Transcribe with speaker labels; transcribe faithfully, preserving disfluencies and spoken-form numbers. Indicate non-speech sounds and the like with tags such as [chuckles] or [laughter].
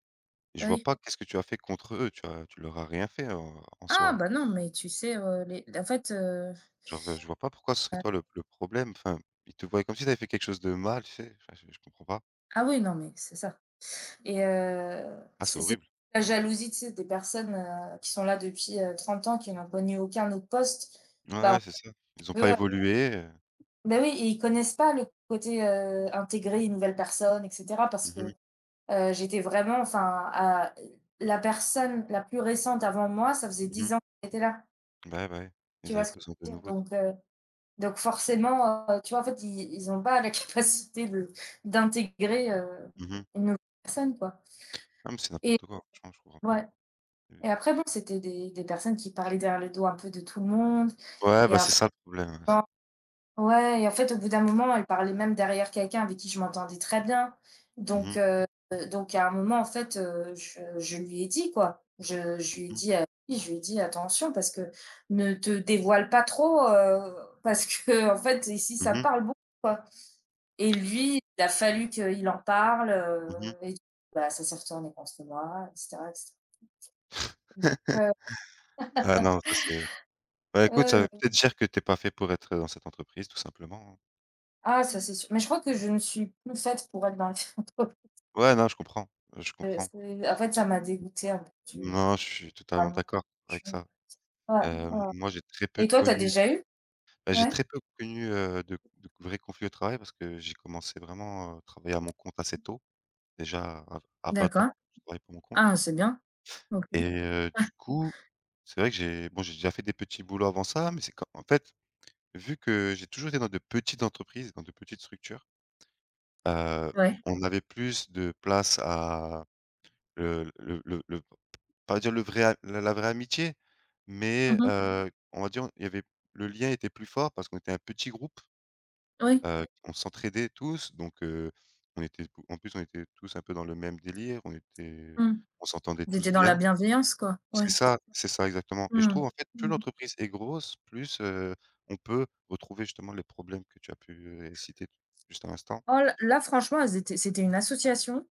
Speaker 1: Je
Speaker 2: Bah,
Speaker 1: vois
Speaker 2: oui.
Speaker 1: pas qu'est-ce que tu as fait contre eux, tu as tu leur as rien fait, heu, en
Speaker 2: Ah,
Speaker 1: soi?
Speaker 2: bah, non, mais tu sais, heu, mais, en fait, heu
Speaker 1: Genre, je vois pas pourquoi ce serait toi
Speaker 2: Heu
Speaker 1: le le problème, enfin, ils te voyent comme si tu avais fait quelque chose de mal, tu sais, enfin je je comprends pas.
Speaker 2: Ah oui, non, mais c'est ça et heu,
Speaker 1: Ah, c'est
Speaker 2: c'est c'est
Speaker 1: horrible!
Speaker 2: la jalousie, tu sais, des personnes, heu, qui sont là depuis, heu, trente ans, qui n'ont connu aucun autre poste,
Speaker 1: Ouais,
Speaker 2: bah,
Speaker 1: ouais, c'est ça, ils ont
Speaker 2: tu veux
Speaker 1: pas évolué, heu
Speaker 2: Beh, oui et ils connaissent pas le côté, heu, intégrer une nouvelle personne et cetera parce que,
Speaker 1: Mmh mh.
Speaker 2: heu, j'étais vraiment, enfin, à la personne la plus récente avant moi, ça faisait
Speaker 1: Mmh mh.
Speaker 2: dix ans qu'il était là.
Speaker 1: Ouais, bah ouais,
Speaker 2: Tu
Speaker 1: ils
Speaker 2: vois
Speaker 1: avaient
Speaker 2: ce que
Speaker 1: besoin de
Speaker 2: je veux dire?
Speaker 1: nouveaux.
Speaker 2: Donc heu, donc forcément, heu, tu vois, en fait, i ils ont pas la capacité de d'intégrer, heu,
Speaker 1: Mmh mh.
Speaker 2: une nouvelle personne, quoi.
Speaker 1: Non, mais c'est
Speaker 2: Et
Speaker 1: n'importe quoi, franchement je comprends pas,
Speaker 2: ouais et
Speaker 1: heu
Speaker 2: après, bon, c'était des des personnes qui parlaient derrière le dos un peu de tout le monde
Speaker 1: Ouais,
Speaker 2: et
Speaker 1: bah,
Speaker 2: en
Speaker 1: c'est
Speaker 2: fait,
Speaker 1: ça le problème, heu s
Speaker 2: quand ouais et en fait, au bout d'un moment, elle parlait même derrière quelqu'un avec qui je m'entendais très bien,
Speaker 1: Mmh
Speaker 2: donc
Speaker 1: mh.
Speaker 2: heu, donc à un moment, en fait, heu, je je lui ai dit, quoi. Je je
Speaker 1: Mmh
Speaker 2: lui ai
Speaker 1: mh.
Speaker 2: dit je lui ai dit: «Attention, parce que ne te dévoile pas trop, heu, parce qu'en fait, ici,
Speaker 1: Mmh
Speaker 2: ça
Speaker 1: mh.
Speaker 2: parle beaucoup», quoi et lui, il a fallu qu'il en parle,
Speaker 1: Mmh
Speaker 2: heu
Speaker 1: mh.
Speaker 2: et d bah, ça s'est retourné contre moi et cetera et cetera.
Speaker 1: [chuckles]
Speaker 2: Donc
Speaker 1: Ah
Speaker 2: heu [laughs]
Speaker 1: non, ça c'est ben, écoute,
Speaker 2: Ouais,
Speaker 1: ça veut
Speaker 2: ouais.
Speaker 1: peut-être dire que tu es pas fait pour être, heu, dans cette entreprise tout simplement, hein?
Speaker 2: Ah ça c'est sûr, mais je crois que je ne suis plus faite pour être dans les entreprises
Speaker 1: Ouais, non, je comprends, heu, je
Speaker 2: heu,
Speaker 1: comprends.
Speaker 2: c'est en fait, ça m'a dégoûtée un peu du, heu,
Speaker 1: Non, je suis
Speaker 2: bah,
Speaker 1: totalement
Speaker 2: non,
Speaker 1: d'accord avec ça,
Speaker 2: franchement, c'est pas ouais,
Speaker 1: heu,
Speaker 2: ouais.
Speaker 1: moi, j'ai très peu
Speaker 2: Et toi, tu as
Speaker 1: connu,
Speaker 2: déjà eu?
Speaker 1: ben, j'ai
Speaker 2: Ouais?
Speaker 1: très peu connu, heu, de de vrai conflit au travail parce que j'ai commencé vraiment à travailler à mon compte assez tôt. Déjà à à vingt ans,
Speaker 2: D'accord.
Speaker 1: je travaillais pour mon compte.
Speaker 2: Ah c'est bien, OK.
Speaker 1: Et heu, du
Speaker 2: [chuckles]
Speaker 1: coup, c'est vrai que j'ai bon, j'ai déjà fait des petits boulots avant ça mais c'est quand en fait, vu que j'ai toujours été dans de petites entreprises, dans de petites structures heu,
Speaker 2: Ouais.
Speaker 1: on avait plus de place à le le le le p pas dire le vrai la la vraie amitié
Speaker 2: Mmh
Speaker 1: mais
Speaker 2: mh.
Speaker 1: heu, on va dire, il y avait le lien était plus fort parce qu'on était un petit groupe,
Speaker 2: Oui.
Speaker 1: heu, on s'entraidait tous, donc heu, on était en plus, on était tous un peu dans le même délire. On était
Speaker 2: Mmh.Vous
Speaker 1: on s'entendait tous
Speaker 2: étiez dans la
Speaker 1: bien
Speaker 2: bienveillance quoi?
Speaker 1: c'est
Speaker 2: Ouais, c'est ça.
Speaker 1: ça, c'est ça exactement et je
Speaker 2: Mmh mh.
Speaker 1: trouve, en fait, plus
Speaker 2: Mmh mh.
Speaker 1: l'entreprise est grosse plus, heu, on peut retrouver justement les problèmes que tu as pu, heu, citer juste à l'instant.
Speaker 2: Oh l là, franchement, elles étaient c'était une association